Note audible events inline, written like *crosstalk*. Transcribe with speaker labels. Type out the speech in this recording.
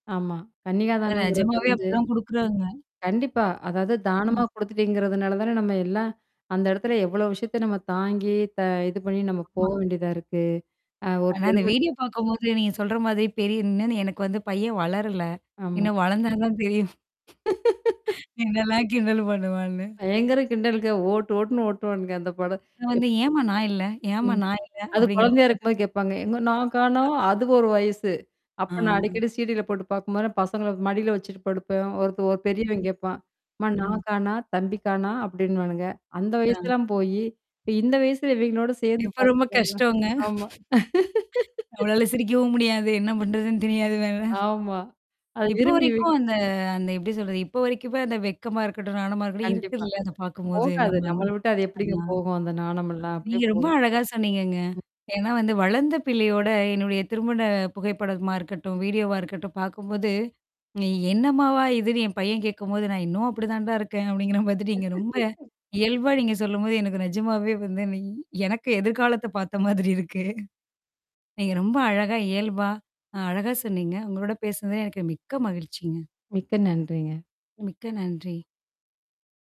Speaker 1: ஆமா.
Speaker 2: அதான்
Speaker 1: கன்னிகாதானங்கறது
Speaker 2: நிஜமாவே
Speaker 1: வந்து
Speaker 2: அப்டிதான் குடுக்குறாங்க.
Speaker 1: கண்டிப்பா. அதாவது தானமா
Speaker 2: ம்.
Speaker 1: குடுத்துட்டீங்கிறதுனால தானே நம்ம எல்லாம் அந்த இடத்துல எவ்ளோ விஷயத்த நம்ம தாங்கி த இது பண்ணி நம்ம
Speaker 2: ஆமா.
Speaker 1: போக வேண்டியதா இருக்கு? அ ஒரு
Speaker 2: ஆனா, அந்த
Speaker 1: பெருமத்
Speaker 2: வீடியோ பார்க்கும்போது நீங்க சொல்ற மாதிரி பெரியனந்து எனக்கு வந்து பையன் வளரல.
Speaker 1: ஆமா.
Speaker 2: இன்னும் வளர்ந்தா தான் தெரியும்.
Speaker 1: *laughs*
Speaker 2: என்னல்லாம் கிண்டல் என்னல பண்ணுவான்னு!
Speaker 1: பயங்கரம் கிண்டலுங்க. ஓட்டு, ஓட்டு்ன்னு ஓட்டுவானுங்க, அந்த படம்.
Speaker 2: ஏன்ட்ட வந்து
Speaker 1: எப்
Speaker 2: ஏன்ம்மா நான் இல்ல, ஏன்ம்மா
Speaker 1: ம்.
Speaker 2: நான் இல்ல
Speaker 1: அது
Speaker 2: அப்படிங்கிற மாரி.
Speaker 1: குழந்தையா இருக்கும்போது கேட்பாங்க. எங்க நான் காணா
Speaker 2: *unintelligible*
Speaker 1: அது ஒரு வயசு. அப்ப
Speaker 2: ஆ.
Speaker 1: நான் அடிக்கடி சீடியில போட்டு பார்க்கும்போது நான் பசங்கள மடியில வச்சுட்டு படுப்பேன். ஒருத்த ஒரு பெரியவன் கேப்பான். அம்மா
Speaker 2: ம்.
Speaker 1: நான் கானா, தம்பிக்கானா அப்படின்னுவானுங்க. அந்த
Speaker 2: ஆ.
Speaker 1: வயசுல்லாம் போயி, இப்ப இந்த வயசுல இவைங்களோட சேர்ந்து
Speaker 2: இப்ப ரொம்ப
Speaker 1: *unintelligible*
Speaker 2: கஷ்டம்ங்க!
Speaker 1: ஆமா.
Speaker 2: நம்மளால
Speaker 1: *laughs*
Speaker 2: சிரிக்கவும் முடியாது. என்ன பண்றதுன்னு தெரியாது வேற.
Speaker 1: ஆமா. அது
Speaker 2: இப்ப
Speaker 1: விரும்பி வி
Speaker 2: வரைக்கும் அந்த அந்த எப்படி சொல்றது? இப்போ வரைக்குமே அந்த வெக்கமா இருக்கட்டும், நானமா இருக்கட்டும்
Speaker 1: கண்டிப்பா.
Speaker 2: இருக்குல்ல அத பார்க்கும்போது
Speaker 1: போகாது.
Speaker 2: நம்ம அந்
Speaker 1: நம்மள விட்டு அது எப்படிங்க
Speaker 2: அண்ணா.
Speaker 1: போகும்? அந்த நாணம் எல்லாம், அப்படியே
Speaker 2: நீங்க ரொம்ப
Speaker 1: போகும்.
Speaker 2: அழகா சொன்னீங்கங்க.
Speaker 1: ம்.
Speaker 2: ஏன்னா வந்து வளர்ந்த பிள்ளையோட என்னுடைய திருமண புகைப்படமா இருக்கட்டும், வீடியோவா இருக்கட்டும் பார்க்கும்போது, நீ என்னம்மாவா இதுன்னு என் பையன் கேட்கும்போது நான் இன்னும் அப்படி தான்டா இருக்கேன் அப்படிங்கிற மாதிரி, நீங்க ரொம்ப
Speaker 1: *laughs*
Speaker 2: இயல்பா நீங்க சொல்லும்போது எனக்கு நிஜமாவே வந்து நீ எனக்கு எதிர்காலத்த பார்த்த மாதிரி இருக்கு. நீங்க ரொம்ப அழகா இயல்பா, அ அழகா சொன்னீங்க. உங்களோட பேசினதில எனக்கு மிக்க மகிழ்ச்சிங்க.
Speaker 1: மிக்க நன்றிங்க.
Speaker 2: மிக்க நன்றி.